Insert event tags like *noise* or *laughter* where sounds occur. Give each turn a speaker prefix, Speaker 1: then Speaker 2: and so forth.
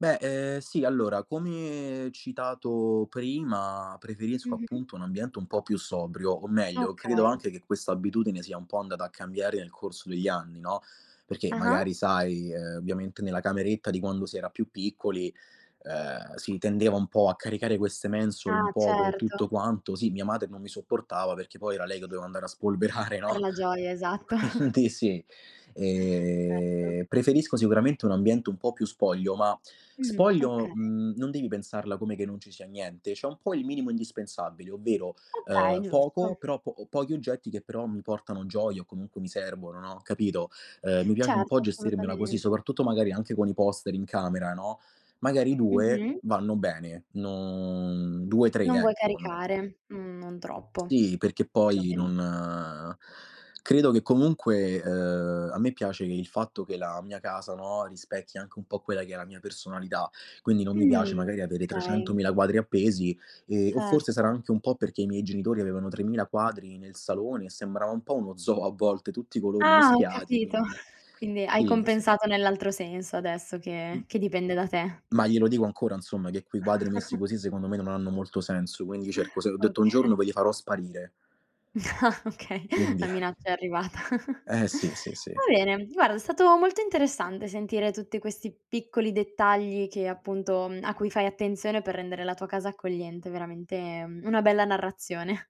Speaker 1: Beh ehm sì, allora come citato prima preferisco
Speaker 2: Mh-mh.
Speaker 1: appunto un ambiente un po' più sobrio, o meglio credo
Speaker 2: Okay.
Speaker 1: anche che questa abitudine sia un po' andata a cambiare nel corso degli anni, no, perché
Speaker 2: Ah-ah.
Speaker 1: magari sai, uhm, ovviamente nella cameretta di quando si era più piccoli, uhm, si tendeva un po' a caricare queste mensole un
Speaker 2: Ah,
Speaker 1: po' co'
Speaker 2: certo.
Speaker 1: tutto quanto, sì mia madre non mi sopportava perché poi era lei che doveva andare a spolverare
Speaker 2: Per
Speaker 1: no,
Speaker 2: la gioia, esatto. *chuckles*
Speaker 1: quindi sì.
Speaker 2: Certo.
Speaker 1: Ehm, preferisco sicuramente un ambiente un po' più spoglio, ma
Speaker 2: Mh-mh.
Speaker 1: spoglio,
Speaker 2: Okay.
Speaker 1: mhmm, non devi pensarla come che non ci sia niente, c'è un po' il minimo indispensabile, ovvero,
Speaker 2: Okay,
Speaker 1: uhm, poco,
Speaker 2: giusto.
Speaker 1: però po pochi oggetti che però mi portano gioia o comunque mi servono, no, capito, uhm, mi piace un po'
Speaker 2: Certo,
Speaker 1: gestirmela così,
Speaker 2: assolutamente.
Speaker 1: soprattutto magari anche con i poster in camera, no, magari 2
Speaker 2: Mh-mh.
Speaker 1: vanno bene, no, 2, 3,
Speaker 2: Non vuoi
Speaker 1: ecco, non
Speaker 2: caricare? Mh, non troppo
Speaker 1: Sì, perché poi
Speaker 2: perlomeno.
Speaker 1: non credo che comunque, uhm, a me piace che il fatto che la mia casa, no, rispecchi anche un po' quella che è la mia personalità, Quindi non mi
Speaker 2: Mh,
Speaker 1: piace magari avere
Speaker 2: okay.
Speaker 1: trecentomila quadri appesi ehm, o forse
Speaker 2: Certo.
Speaker 1: sarà anche un po' perché i miei genitori avevano tremila quadri nel salone e sembrava un po' uno zoo a volte, tutti i colori
Speaker 2: Ah, ho
Speaker 1: mischiati,
Speaker 2: capito.
Speaker 1: quindi
Speaker 2: Quindi hai
Speaker 1: sì, sì.
Speaker 2: compensato nell'altro senso adesso che
Speaker 1: Mh.
Speaker 2: che dipende da te.
Speaker 1: Ma glielo dico ancora insomma che quei quadri messi
Speaker 2: *chuckles*
Speaker 1: così secondo me non hanno molto senso, quindi cerco se ho detto: "Un
Speaker 2: Oka
Speaker 1: giorno poi li farò sparire".
Speaker 2: No, okay,
Speaker 1: Quindi
Speaker 2: la
Speaker 1: *chuckles*
Speaker 2: minaccia è arrivata.
Speaker 1: Eh, sì, sì, sì.
Speaker 2: Va bene, guarda, è stato molto interessante sentire tutti questi piccoli dettagli che appunto a cui fai attenzione per rendere la tua casa accogliente, veramente una bella narrazione.